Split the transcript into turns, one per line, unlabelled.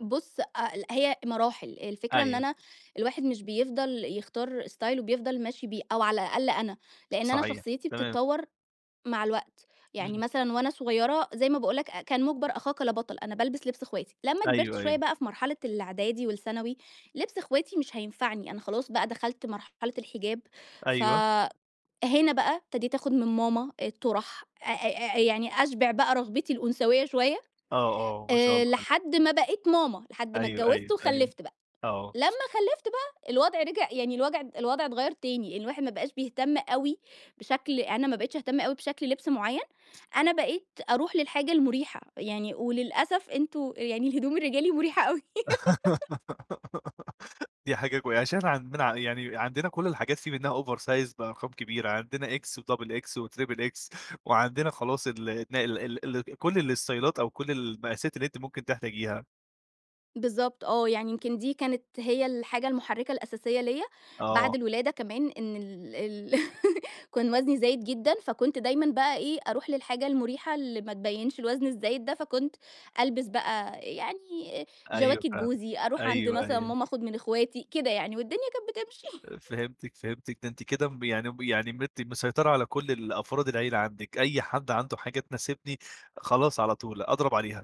بُص، أ ل هي مراحل. الفكرة إن
أيوه.
أنا الواحد مش بيفضل يختار ستايل وبيفضل ماشي بيه أو على الأقل أنا، لإن أنا
صحيح.
شخصيتي
تمام.
بتتطوّر مع الوقت. يعني
إمم.
مثلًا وأنا صغيرة زي ما باقول لك أ كان مُجبَر أخاك لا بَطَل، أنا بالبس لِبْس إخواتي. لمّا كبرت
أيوه،
شوية
أيوه.
بقى في مرحلة الإعدادي والثانوي، لِبْس إخواتي مش هينفعني، أنا خلاص بقى دخلت مرحلة الحِجاب،
أيوه.
فهنا بقى ابتديت آخُد من ماما الطُرَح، أ أ أ يعني أشبِع بقى رغبتي الأنثويّة شوية
آه، آه. ما شاء
آآ
الله عليكِ.
لحد ما بقيت ماما. لحد ما
أيوه،
اتجوّزت
أيوه، أيوه.
وخلِّفت بقى.
آه.
لمّا خلِّفت بقى، الوضع رِجع يعني الوجع الوضع اتغيَّر تاني، الواحد ما بقاش بيهتم أوي بشكل أنا ما بقيتش أهتم أوي بشكل لِبْس معيّن، أنا بقيت أروح للحاجة المُريحة. يعني وللأسف أنتم يعني الهدوم الرجالي مُريحة أوي.
دي حاجة كوي عشان عندنا يعني عندنا كل الحاجات في منّها over size بأرقام كبيرة عندنا X وdouble X وtriple X وعندنا خلاص ال ال ال كل الستايلات أو كل المقاسات اللي أنتِ ممكن تحتاجيها.
بالضبط آه. يعني يمكن دي كانت هي الحاجة المُحرِّكة الأساسية ليّا بعد
آه.
الولادة كمان إن ال ال كان وزني زايد جدًا، فكنت دايمًا بقى إيه، أروح للحاجة المُريحة اللي ما تبيّنش الوزن الزايد ده فكنت ألبس بقى أ يعني
أيوه
جَواكِت
فعلًا.
جوزي، أروح عند
أيوه،
مثلًا
أيوه.
ماما آخُد من إخواتي كده يعني والدنيا كانت بتمشي.
أ فهمتِك، فهمتِك. ده أنتِ كده م يعني يعني مت مسيطرة على كل الأفراد العيلة عندِك، أي حد عنده حاجة تناسبني، خلاص على طول أضرب عليها.